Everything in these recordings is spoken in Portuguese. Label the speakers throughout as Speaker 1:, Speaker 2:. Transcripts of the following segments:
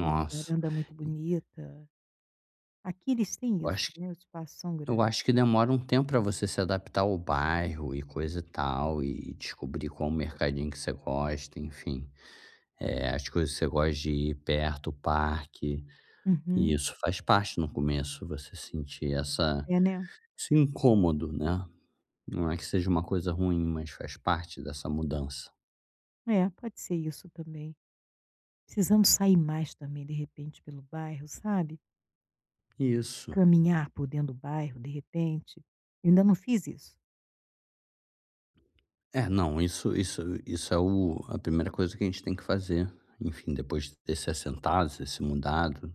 Speaker 1: Tem uma varanda muito bonita. Aqui eles têm
Speaker 2: Eu
Speaker 1: isso,
Speaker 2: acho
Speaker 1: né, os espaços são
Speaker 2: eu
Speaker 1: grande.
Speaker 2: acho que demora um tempo pra você se adaptar ao bairro e coisa e tal e descobrir qual o mercadinho que você gosta, enfim. Eh, as coisas que você gosta de ir perto, parque. E
Speaker 1: Uhum.
Speaker 2: isso faz parte, no começo, você sentir essa
Speaker 1: É, né?
Speaker 2: esse incômodo, né? Não é que seja uma coisa ruim, mas faz parte dessa mudança.
Speaker 1: É, pode ser isso também. Precisamos sair mais também, de repente, pelo bairro, sabe?
Speaker 2: Isso.
Speaker 1: Caminhar por dentro do bairro, de repente. Ainda não fiz isso.
Speaker 2: É, não, isso isso isso é o a primeira coisa que a gente tem que fazer, enfim, depois de ter se assentado, você se mudado,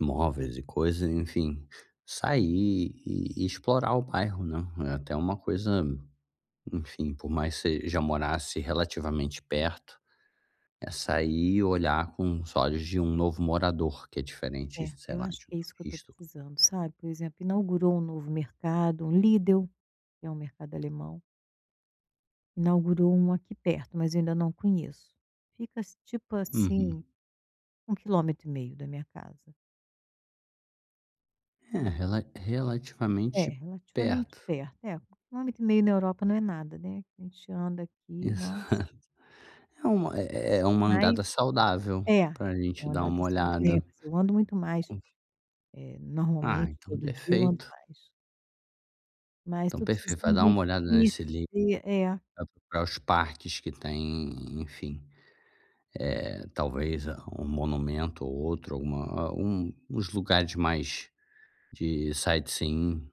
Speaker 2: móveis e coisas, enfim, sair e explorar o bairro, né? É até uma coisa, enfim, por mais você já morasse relativamente perto, é sair e olhar com olhos de um novo morador, que é diferente,
Speaker 1: É,
Speaker 2: sei
Speaker 1: eu
Speaker 2: lá,
Speaker 1: acho
Speaker 2: de um
Speaker 1: que é isso que eu estou
Speaker 2: turista.
Speaker 1: precisando, sabe? Por exemplo, inaugurou um novo mercado, um Lidl, que é um mercado alemão. Inaugurou um aqui perto, mas ainda não conheço. Fica, tipo
Speaker 2: Uhum.
Speaker 1: assim, 1 quilômetro e meio da minha casa.
Speaker 2: É.
Speaker 1: E
Speaker 2: Rela
Speaker 1: É,
Speaker 2: relativamente
Speaker 1: relativamente
Speaker 2: perto.
Speaker 1: perto. É, 1 quilômetro e meio na Europa não é nada, né. A gente anda aqui, nossa.
Speaker 2: Exato. É uma é é uma
Speaker 1: Mas
Speaker 2: andada saudável
Speaker 1: É, é
Speaker 2: pra gente
Speaker 1: uma
Speaker 2: dar
Speaker 1: andada
Speaker 2: uma
Speaker 1: [unintelligible]
Speaker 2: olhada.
Speaker 1: eu ando muito mais,
Speaker 2: Con
Speaker 1: eh,
Speaker 2: Ah,
Speaker 1: normalmente,
Speaker 2: então
Speaker 1: todo dia eu ando
Speaker 2: perfeito.
Speaker 1: mais. Mas
Speaker 2: Então
Speaker 1: estou
Speaker 2: perfeito. Vai
Speaker 1: precisando de,
Speaker 2: dar
Speaker 1: meio
Speaker 2: uma
Speaker 1: que,
Speaker 2: olhada nesse Lidl,
Speaker 1: conhecer, é.
Speaker 2: vai procurar os parques que tem, enfim. Eh, talvez um monumento ou outro, alguma um uns lugares mais de sightseeing.